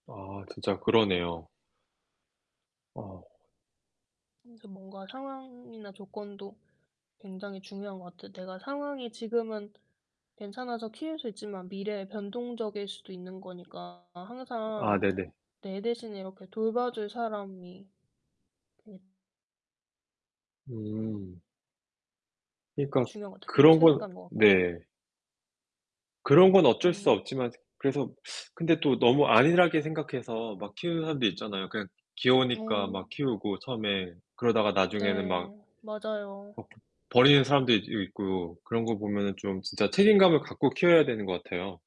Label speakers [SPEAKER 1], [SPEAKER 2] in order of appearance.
[SPEAKER 1] 아 진짜 그러네요. 어.
[SPEAKER 2] 그래서 뭔가 상황이나 조건도 굉장히 중요한 것 같아요. 내가 상황이 지금은 괜찮아서 키울 수 있지만 미래에 변동적일 수도 있는 거니까 항상
[SPEAKER 1] 아네네.
[SPEAKER 2] 내 대신에 이렇게 돌봐줄 사람이 되게
[SPEAKER 1] 음. 그니까
[SPEAKER 2] 중요한 것 같아요. 그게
[SPEAKER 1] 그런 건
[SPEAKER 2] 책임감인 것 같고.
[SPEAKER 1] 네. 그런 건 어쩔 수
[SPEAKER 2] 음.
[SPEAKER 1] 없지만 그래서 근데 또 너무 안일하게 생각해서 막 키우는 사람들 있잖아요. 그냥 귀여우니까
[SPEAKER 2] 어.
[SPEAKER 1] 막 키우고 처음에. 그러다가 나중에는 막
[SPEAKER 2] 네 맞아요.
[SPEAKER 1] 어 버 버리는 사람들도 있고 그런 거 보면은 좀 진짜 책임감을 갖고 키워야 되는 것 같아요.